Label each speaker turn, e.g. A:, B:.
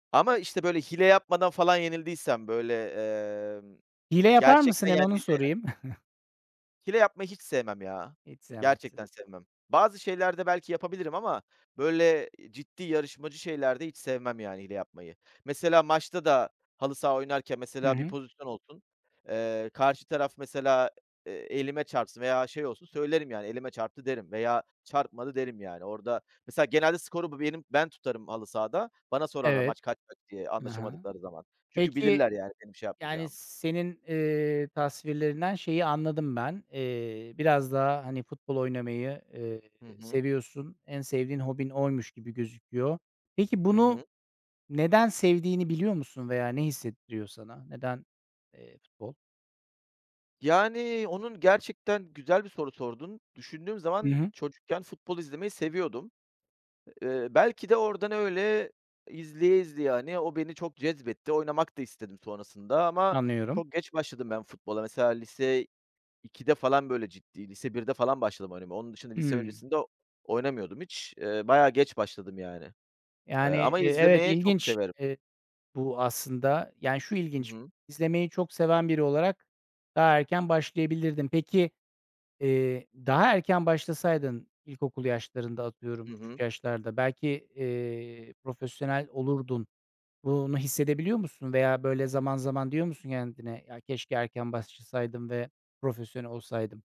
A: Ama, işte, böyle hile yapmadan falan yenildiysem böyle, ımm,
B: Hile yapar mısın?
A: gerçekten
B: Hem onu
A: yendiyse yani
B: sorayım.
A: Hile yapmayı hiç sevmem ya.
B: Hiç sevmezsin.
A: Gerçekten sevmem. Bazı şeylerde belki yapabilirim ama böyle ciddi yarışmacı şeylerde hiç sevmem yani hile yapmayı. Mesela maçta da halı saha oynarken
B: Hı
A: mesela bir
B: hı.
A: pozisyon olsun, ııı, karşı taraf mesela, ııı, elime çarpsın veya şey olsun, söylerim yani "elime çarptı" derim veya "çarpmadı" derim. Yani orada mesela genelde skoru b benim ben tutarım halı sahada. Bana sorarlar,
B: Evet.
A: "Maç kaç kaç?" diye
B: Hı hı.
A: anlaşamadıkları zaman. Çünkü
B: Peki,
A: bilirler yani benim şey
B: yani
A: yapmayacağımı.
B: senin, ııı, tasvirlerinden şeyi anladım ben. Eee, biraz daha, hani, futbol oynamayı, ııı,
A: Hı hı.
B: seviyorsun. En sevdiğin hobin oymuş gibi gözüküyor. Peki,
A: Hı
B: bunu
A: hı.
B: neden sevdiğini biliyor musun veya ne hissettiriyor sana? Neden, eee, futbol?
A: Yani onun gerçekten güzel bir soru sordun. Düşündüğüm
B: I
A: zaman
B: hı.
A: çocukken futbol izlemeyi seviyordum. Iıı, belki de oradan öyle izleye izleye, hani, o beni çok cezbetti. Oynamak da istedim sonrasında ama
B: Anlıyorum.
A: çok geç başladım ben futbola. Mesela lise 2'de falan böyle ciddi, lise 1'de falan başladım oynamaya. Onun dışında lise
B: Hıı.
A: öncesinde oynamıyordum hiç. Iıı, bayağı geç başladım yani. Iıı,
B: Yani,
A: ama
B: eee, evet,
A: izlemeyi çok
B: ilginç,
A: severim.
B: eee, bu aslında. Yani şu
A: Hı
B: ilginç,
A: hı.
B: izlemeyi çok seven biri olarak daha erken başlayabilirdin. Peki, eee, daha erken başlasaydın, ilkokul yaşlarında, atıyorum,
A: Hı
B: küçük
A: hı.
B: yaşlarda, belki, eee, profesyonel olurdun. Bunu hissedebiliyor musun veya böyle zaman zaman diyor musun kendine, "Ya keşke erken başlasaydım ve profesyonel olsaydım."